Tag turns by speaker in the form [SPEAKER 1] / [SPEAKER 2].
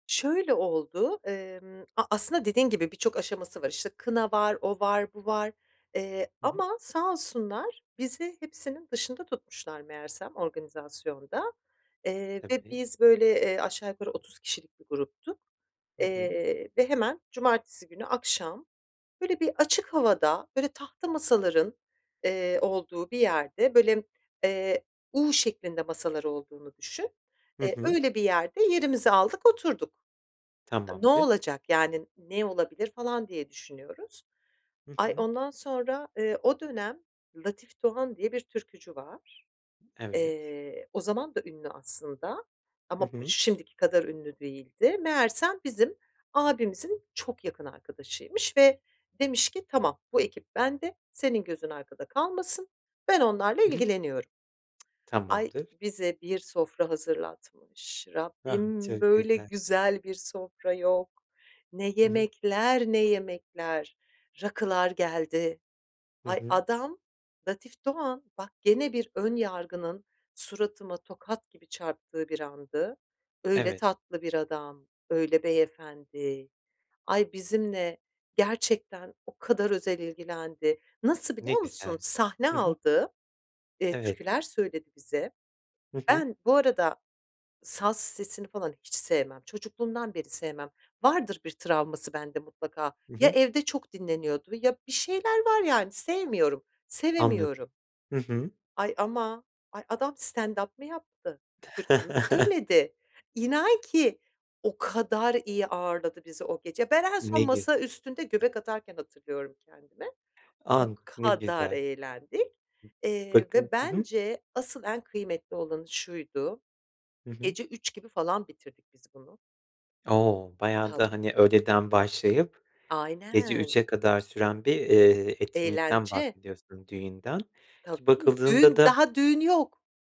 [SPEAKER 1] Şöyle oldu; emm, a aslında dediğin gibi birçok aşaması var. İşte, kına var, o var, bu var, eee,
[SPEAKER 2] Hı hı.
[SPEAKER 1] ama sağ olsunlar bizi hepsinin dışında tutmuşlar meğersem organizasyonda, eee, ve
[SPEAKER 2] Tabii.
[SPEAKER 1] biz böyle, eee ,aşağı yukarı 30 kişilik bir gruptuk.
[SPEAKER 2] Hı hı.
[SPEAKER 1] Eee, ve hemen, cumartesi günü, akşam böyle bir açık havada, böyle, tahta masaların, eee, olduğu bir yerde, böyle, eee, U şeklinde masalar olduğunu düşün,
[SPEAKER 2] Hı
[SPEAKER 1] eee,
[SPEAKER 2] hı.
[SPEAKER 1] öyle bir yerde yerimizi aldık oturduk. E, ne
[SPEAKER 2] Tamamdır.
[SPEAKER 1] olacak, yani, ne olabilir, falan diye düşünüyoruz.
[SPEAKER 2] Hı
[SPEAKER 1] Ay,
[SPEAKER 2] hı.
[SPEAKER 1] ondan sonra, eee, o dönem Latif Doğan diye bir türkücü var.
[SPEAKER 2] Evet.
[SPEAKER 1] Eee, o zaman da ünlü aslında
[SPEAKER 2] Hı
[SPEAKER 1] ama p
[SPEAKER 2] hı.
[SPEAKER 1] şimdiki kadar ünlü değildi. Meğersem, bizim abimizin çok yakın arkadaşıymış ve demiş ki, "Tamam, bu ekip bende, senin gözün arkada kalmasın, ben onlarla
[SPEAKER 2] Hı hı.
[SPEAKER 1] ilgileniyorum." Ay,
[SPEAKER 2] Tamamdır.
[SPEAKER 1] bize bir sofra hazırlatmış.
[SPEAKER 2] Ah,
[SPEAKER 1] Rabbim,
[SPEAKER 2] çok
[SPEAKER 1] böyle
[SPEAKER 2] güzel.
[SPEAKER 1] güzel bir sofra yok. Ne
[SPEAKER 2] Hı hı.
[SPEAKER 1] yemekler, ne yemekler, rakılar geldi.
[SPEAKER 2] Hı
[SPEAKER 1] Ay,
[SPEAKER 2] hı.
[SPEAKER 1] adam, Latif Doğan, bak gene bir ön yargının suratıma tokat gibi çarptığı bir andı. Öyle
[SPEAKER 2] Evet.
[SPEAKER 1] tatlı bir adam, öyle beyefendi. Ay, bizimle gerçekten o kadar özel ilgilendi. Nasıl
[SPEAKER 2] Ne
[SPEAKER 1] biliyor musun,
[SPEAKER 2] güzel.
[SPEAKER 1] sahne
[SPEAKER 2] Hı hı.
[SPEAKER 1] aldı, eee,
[SPEAKER 2] Evet.
[SPEAKER 1] türküler söyledi bize.
[SPEAKER 2] Hı hı.
[SPEAKER 1] Ben bu arada saz sesini falan hiç sevmem. Çocukluğumdan beri sevmem. Vardır bir travması bende mutlaka.
[SPEAKER 2] Hı
[SPEAKER 1] Ya,
[SPEAKER 2] hı.
[SPEAKER 1] evde çok dinleniyordu ya, bir şeyler var yani sevmiyorum,
[SPEAKER 2] Anladım.
[SPEAKER 1] sevemiyorum.
[SPEAKER 2] Hı hı.
[SPEAKER 1] Ay ama ay adam stand-up mı yaptı? Türkü mü söyledi? İnan ki, o kadar iyi ağırladı bizi o gece. Ben en
[SPEAKER 2] Ne
[SPEAKER 1] son masa
[SPEAKER 2] güzel.
[SPEAKER 1] üstünde göbek atarken hatırlıyorum kendimi.
[SPEAKER 2] A,
[SPEAKER 1] O
[SPEAKER 2] ne
[SPEAKER 1] kadar
[SPEAKER 2] güzel.
[SPEAKER 1] eğlendik, eee,
[SPEAKER 2] Bakım
[SPEAKER 1] ve
[SPEAKER 2] Hı hı.
[SPEAKER 1] bence asıl en kıymetli olanı şuydu;
[SPEAKER 2] Hı hı.
[SPEAKER 1] gece 03.00 gibi falan bitirdik biz bunu.
[SPEAKER 2] O, bayağı da,
[SPEAKER 1] Tabii.
[SPEAKER 2] hani, öğleden başlayıp, gece
[SPEAKER 1] Aynen.
[SPEAKER 2] 03.00'e kadar süren bir, eee, etkinlikten
[SPEAKER 1] Eğlence.
[SPEAKER 2] bahsediyorsun, düğünden, ki
[SPEAKER 1] Tabii,
[SPEAKER 2] bakıldığında
[SPEAKER 1] düğün,
[SPEAKER 2] da
[SPEAKER 1] daha düğün yok.